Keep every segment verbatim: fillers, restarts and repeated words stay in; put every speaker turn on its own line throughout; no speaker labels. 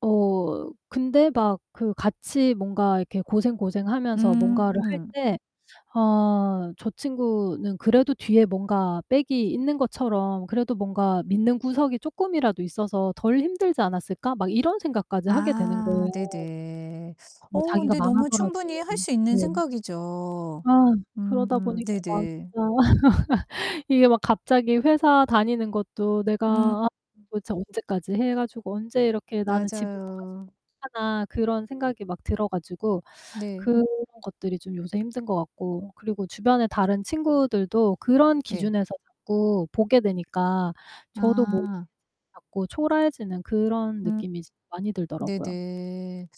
어 근데 막 그 같이 뭔가 이렇게 고생고생하면서 뭔가를 할
음.
때 '아 저 친구는 그래도 뒤에 뭔가 백이 있는 것처럼 그래도 뭔가 믿는 구석이 쪼끔이라도 있어서 덜 힘들지 않았을까?' 막 이런 생각까지 하게 되는
아
거예요.
네네.
뭐
어
자기가
근데 너무
망하더라도
충분히 할 수 있는
네.
생각이죠.
아 그러다
음.
보니까 막
네네.
진짜 이게 막 갑자기 회사 다니는 것도 '내가
음.
아 도대체 언제까지 해 가지고 언제 이렇게 나는 집을 사 가지고
맞아요.
하나?' 그런 생각이 막 들어 가지고
네.
그런 것들이 좀 요새 힘든 것 같고 그리고 주변에 다른 친구들도 그런
네.
기준에서 자꾸 보게 되니까 저도 뭐
아.
자꾸 초라해지는 그런
음.
느낌이 이제 많이 들더라고요.
네네.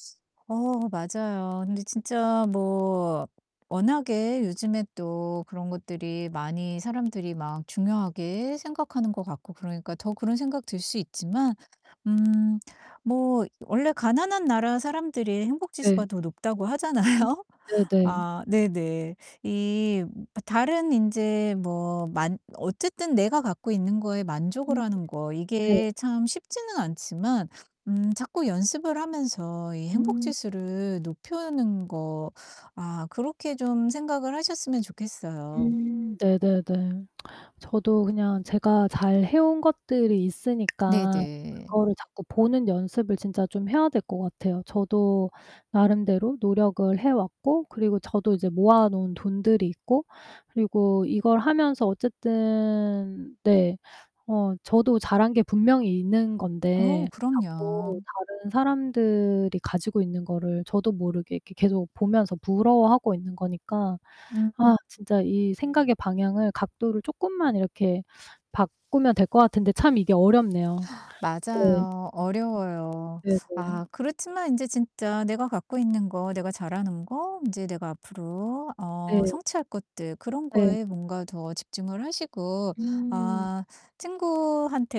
어 맞아요. 근데 진짜 뭐 워낙에 요즘에 또 그런 것들이 많이 사람들이 막 중요하게 생각하는 것 같고 그러니까 더 그런 생각 들 수 있지만 음 뭐 원래 가난한 나라 사람들이
네.
행복지수가 더 높다고
음
하잖아요?
네네.
아 네네. 이 다른 인제 뭐 만 어쨌든 내가 갖고 있는 거에 만족을
음.
하는 거
네.
이게 참 쉽지는 않지만 음 자꾸 연습을 하면서 이
음.
행복지수를 높여는 거 아 그렇게 좀 생각을 하셨으면 좋겠어요.
음 네네네. 저도 그냥 제가 잘 해 온 것들이 있으니까
네네.
그거를 자꾸 보는 연습을 진짜 좀 해야 될 것 같아요. 저도 나름대로 노력을 해 왔고 그리고 저도 이제 모아 놓은 돈들이 있고 그리고 이걸 하면서 어쨌든 네 어 저도 잘한 게 분명히 있는
어,
건데
그럼요.
자꾸 다른 사람들이 가지고 있는 거를 저도 모르게 이렇게 계속 보면서 부러워하고 있는 거니까
음.
아 진짜 이 생각의 방향을, 각도를 쪼끔만 이렇게 바꾸면 될 것 같은데 참 이게 어렵네요. 네.
맞아요. 어려워요.
네네.
아 그렇지만 인제 진짜 내가 갖고 있는 거, 내가 잘하는 거, 인제 내가 앞으로 어
네.
성취할 것들, 그런
네.
거에 뭔가 더 집중을 하시고
음.
아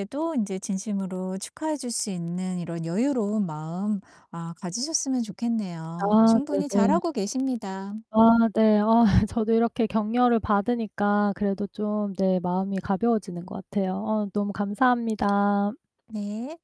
친구한테도 인제 진심으로 축하해 줄 수 있는 이런 여유로운 마음 아 가지셨으면 좋겠네요.
아
충분히 잘
네네.
하고 계십니다.
아 네. 아 저도 이렇게 격려를 받으니까 그래도 좀 네 마음이 가벼워지는 것 같아요. 어 너무 감사합니다.
네.